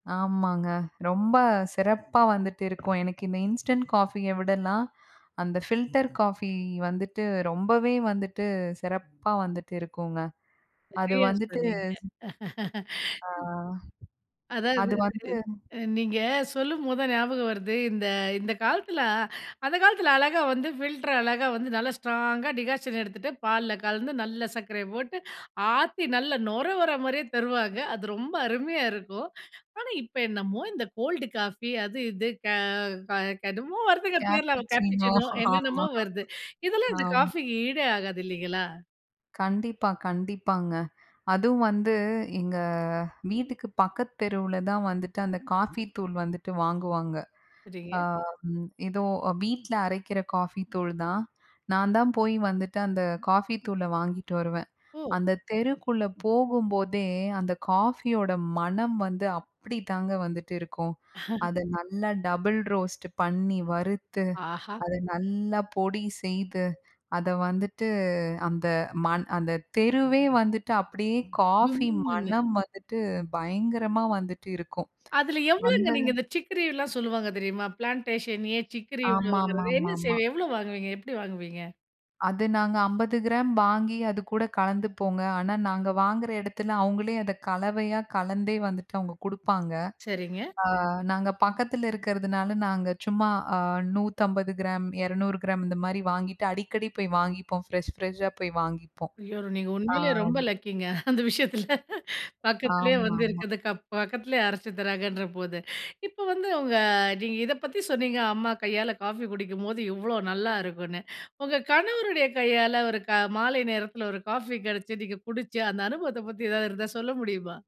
ஆமாங்க, ரொம்ப சிறப்பா வந்துட்டு இருக்கும். எனக்கு இந்த இன்ஸ்டன்ட் காஃபிய விடலாம் அந்த ஃபில்டர் காஃபி வந்துட்டு, ரொம்பவே வந்துட்டு, சிறப்பா வந்துட்டு இருக்குங்க. அது சரியா வந்துட்டு சொன்னீங்க. அ அதாவது, அது வந்து அ நீங்க சொல்லும்போது தான் ஞாபகம் வருது, இந்த இந்த காலத்தில அந்த காலத்தில அழகா வந்து ஃபில்டர் அழகா வந்து நல்லா ஸ்ட்ராங்கா, டிக்காஷன் எடுத்துட்டு, பால்ல கலந்து, நல்ல சர்க்கரை போட்டு. ஆத்தி நல்ல நுர வர்ற மாதிரியே தருவாங்க. அது ரொம்ப அருமையா இருக்கும்! ஆனா இப்போ என்னமோ இந்த கோல்டு காஃபி அது, இது க க கடும் என்னமோ வருதுங்க பேர்ல "கேப்பச்சினோ." "கேப்புச்சினோ" ஆமா, என்னென்னமோ வருது. இதெல்லாம் ஆமா. இந்த காஃபிக்கு ஈடே ஆகாது இல்லைங்களா? கண்டிப்பா. கண்டிப்பாங்க. அதுவும் வந்து எங்க வீட்டுக்கு பக்கத்து தெருவுல தான் வந்துட்டு அந்த காஃபி தூள் வந்துட்டு வாங்குவாங்க. அ, சரிங்க. ம், ஏதோ வீட்ல அரைக்கிற காஃபி தூள் தான். நான் தான் போய் வந்துட்டு அந்த காஃபி தூள வாங்கிட்டு வருவேன். ஓ. அந்த தெருக்குள்ள போகும்போதே, அந்த காஃபியோட மணம் வந்து அப்படிதாங்க வந்துட்டு இருக்கும். அத நல்லா டபுள் ரோஸ்ட்டு பண்ணி, வறுத்து, ஆஹா! அத நல்லா பொடி செய்து, அத வந்துட்டு அந்த மண் அந்த தெருவே வந்துட்டு அப்படியே காஃபி [unintelligible] மணம் வந்துட்டு பயங்கரமா வந்துட்டு இருக்கும்! அதுல எவ்வளோங்க அந்த நீங்க இந்த சிக்ரிலாம் சொல்லுவாங்க தெரியுமா, பிளான்டேஷன் ஏன் சிக்கரிங்கிறது, என்ன ஆமாமாமாமா. செய்வீங்க? எவ்ளோ வாங்குவீங்க? எப்படி வாங்குவீங்க? அது நாங்க 50 கிராம் வாங்கி அதுக்கூட கலந்துப்போங்க. ஆனா நாங்க வாங்கிற இடத்துல அவங்களே அத கலவையா கலந்தே வந்துட்டு அவங்க குடுப்பாங்க. சரிங்க. அ, நாங்க பக்கத்தில இருக்கிறதுனால, நாங்க சும்மா அ, 150 கிராம், 200 கிராம், இந்த மாதிரி வாங்கிட்டு அடிக்கடி போய் வாங்கிப்போம். ஃப்ரெஷ் ஃப்ரெஷ்ஷா போய் வாங்கிப்போம். ஐயோ! நீங்க அ. உண்மையிலே ரொம்ப லக்கிங்க அந்த விஷயத்தில, பக்கத்துலேயே வந்து ஆமாமா. இருக்குது அ பக்கத்திலேயே அரைச்சி தராங்கன்ற போது. இப்ப வந்து உங்க நீங்க இத பத்தி சொன்னீங்க, அம்மா கையால காஃபி குடிக்கும்போது எவ்ளோ நல்லாயிருக்கும்ன்னு. உங்க கணவருடைய கையால ஒரு க மாலை நேரத்தில ஒரு காஃபி கிடைச்சு, நீங்க குடிச்சு, அந்த அனுபவத்த பத்தி எதாவது இருந்தா சொல்ல முடியுமா?